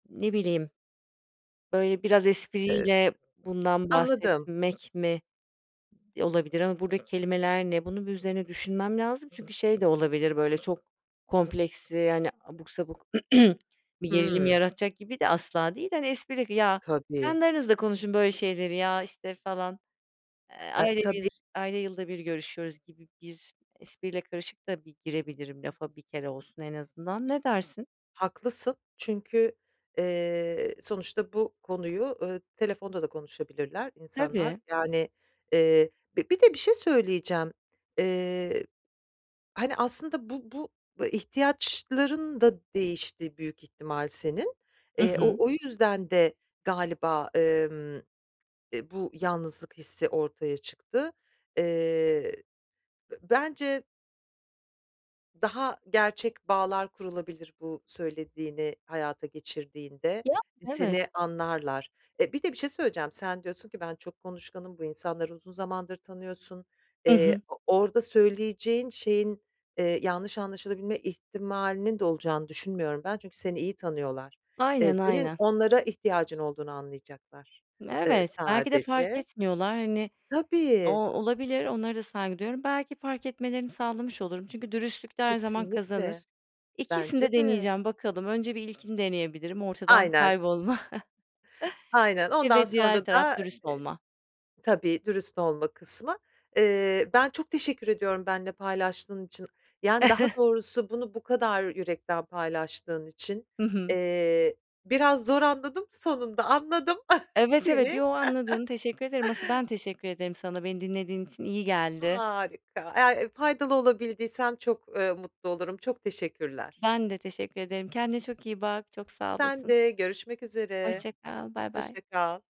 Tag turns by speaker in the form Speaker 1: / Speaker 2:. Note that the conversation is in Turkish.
Speaker 1: Ne bileyim. Böyle, biraz
Speaker 2: E
Speaker 1: espriyle bundan
Speaker 2: Anladım.
Speaker 1: bahsetmek mi olabilir ama buradaki kelimeler ne? Bunun bir üzerine düşünmem lazım. Çünkü şey de olabilir, böyle çok kompleksli, hani, abuk sabuk bir gerilim
Speaker 2: Hıı.
Speaker 1: yaratacak gibi de asla değil. Hani, espri "Ya,
Speaker 2: Tabii.
Speaker 1: kendi aranızda konuşun böyle şeyleri ya, işte, falan, eee,
Speaker 2: E,
Speaker 1: ayda
Speaker 2: tabii.
Speaker 1: 1 ayda yılda bir görüşüyoruz." gibi bir espriyle karışık da bir girebilirim lafa bir kere olsun en azından. Ne dersin?
Speaker 2: Haklısın çünkü, eee, sonuçta bu konuyu, eee, telefonda da konuşabilirler insanlar,
Speaker 1: Tabii.
Speaker 2: yani, eee Bir de bir şey söyleyeceğim, eee, hani, aslında bu bu ihtiyaçların da değişti büyük ihtimal senin,
Speaker 1: Hı
Speaker 2: eee,
Speaker 1: hı.
Speaker 2: o o yüzden de galiba, emm, e, bu yalnızlık hissi ortaya çıktı. Eee, b bence Daha gerçek bağlar kurulabilir bu söylediğini hayata geçirdiğinde,
Speaker 1: [unintelligible] Evet.
Speaker 2: seni anlarlar. E, bir de bir şey söyleyeceğim, sen diyorsun ki ben çok konuşkanım, bu insanları uzun zamandır tanıyorsun.
Speaker 1: Hı
Speaker 2: Eee,
Speaker 1: hı.
Speaker 2: o orada söyleyeceğin şeyin, eee, yanlış anlaşılabilme ihtimalinin de olacağını düşünmüyorum ben çünkü seni iyi tanıyorlar. Eee,
Speaker 1: Aynen,
Speaker 2: senin
Speaker 1: aynen.
Speaker 2: onlara ihtiyacın olduğunu anlayacaklar, eee,
Speaker 1: Evet, belki de fark
Speaker 2: sadece.
Speaker 1: etmiyorlar. Hani, o
Speaker 2: Tabii.
Speaker 1: olabilir, onlara da saygı duyuyorum. Belki fark etmelerini sağlamış olurum. Çünkü dürüstlük de her zaman kazanır.
Speaker 2: Kesinlikle.
Speaker 1: İkisini
Speaker 2: Bence
Speaker 1: de
Speaker 2: de.
Speaker 1: deneyeceğim bakalım. Önce bir ilkini deneyebilirim, ortadan
Speaker 2: Aynen.
Speaker 1: kaybolma
Speaker 2: Aynen.
Speaker 1: eee,
Speaker 2: Ondan
Speaker 1: ve
Speaker 2: sonra
Speaker 1: diğer
Speaker 2: da,
Speaker 1: taraf
Speaker 2: e
Speaker 1: dürüst olma.
Speaker 2: Tabii, dürüst olma kısmı. Eee, ben çok teşekkür ediyorum benimle paylaştığın için, yani, daha doğrusu bunu bu kadar yürekten paylaştığın için.
Speaker 1: Hı hı.
Speaker 2: Eee, biraz zor anladım, sonunda anladım
Speaker 1: Evet, evet,
Speaker 2: seni.
Speaker 1: yo, anladın. Teşekkür ederim, asıl ben teşekkür ederim sana. Beni dinlediğin için iyi geldi.
Speaker 2: Harika, eğer, eee, faydalı olabildiysem çok, eee, mutlu olurum, çok teşekkürler.
Speaker 1: Ben de teşekkür ederim. Kendine çok iyi bak, çok sağ
Speaker 2: Sen
Speaker 1: olasın.
Speaker 2: de görüşmek üzere,
Speaker 1: Hoşça kal, baybay.
Speaker 2: hoşça kal.